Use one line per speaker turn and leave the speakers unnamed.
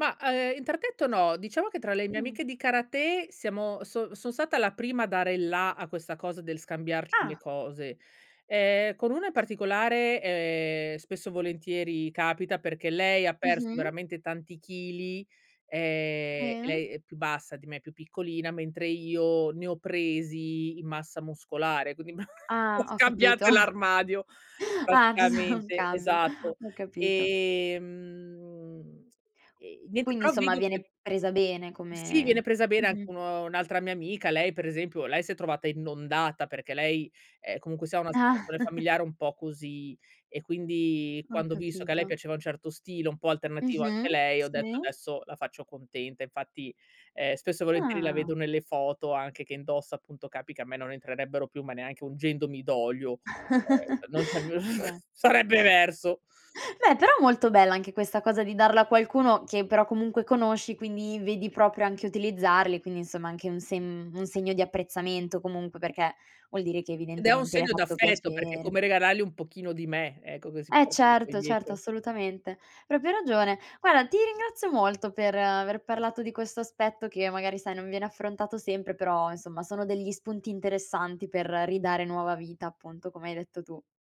Ma ehm, interdetto no, diciamo che tra le mie
Mh.
amiche di karate siamo son sono stata la prima a dare il la a questa cosa del scambiarci le
Ah.
cose. Ehm, con una in particolare, ehm, spesso e volentieri capita perché lei ha perso
Mh-mh.
veramente tanti chili, ehm, e
Sì.
lei è più bassa di me, è più piccolina, mentre io ne ho presi in massa muscolare, quindi ma
Ah
[unintelligible]
ho capito.
scambiate l'armadio,
Ah, giu non
praticamente,
cambia,
esatto.
ho capito.
Ehm, e niente,
Quindi
però
insomma
vedo che
viene presa bene
sì viene
come
presa bene anche
mh-mh.
un un'altra mia amica, lei per esempio, lei si è trovata inondata perché lei, ehm, comunque sia ha una
Ah.
situazione familiare un po' così e quindi
Ho
quando ho visto che a lei
capito.
piaceva un certo stile, un po' alternativo anche a
Mh-mh,
lei, ho detto
sì.
adesso la faccio contenta. Infatti, ehm, spesso e volentieri la
Ah.
vedo nelle foto anche che indossa appunto, capi che a me non entrerebbero più, ma neanche ungendomi d'olio, ehm, non c'è più
Vabbè.
sarebbe verso.
Beh però molto bella anche questa cosa di darlo a qualcuno che però comunque conosci quindi vedi proprio anche utilizzarli, quindi insomma anche un se un segno di apprezzamento comunque perché vuol dire che
Ed è un
evidentemente le hai
segno
fatto
d'affetto, perché è
piacere.
come regalarle un pochino di me, ecco che si
Eh
portano poi
certo certo,
dietro.
assolutamente. Proprio ragione. Guarda, ti ringrazio molto per aver parlato di questo aspetto che magari sai non viene affrontato sempre, però insomma sono degli spunti interessanti per ridare nuova vita appunto come hai detto tu.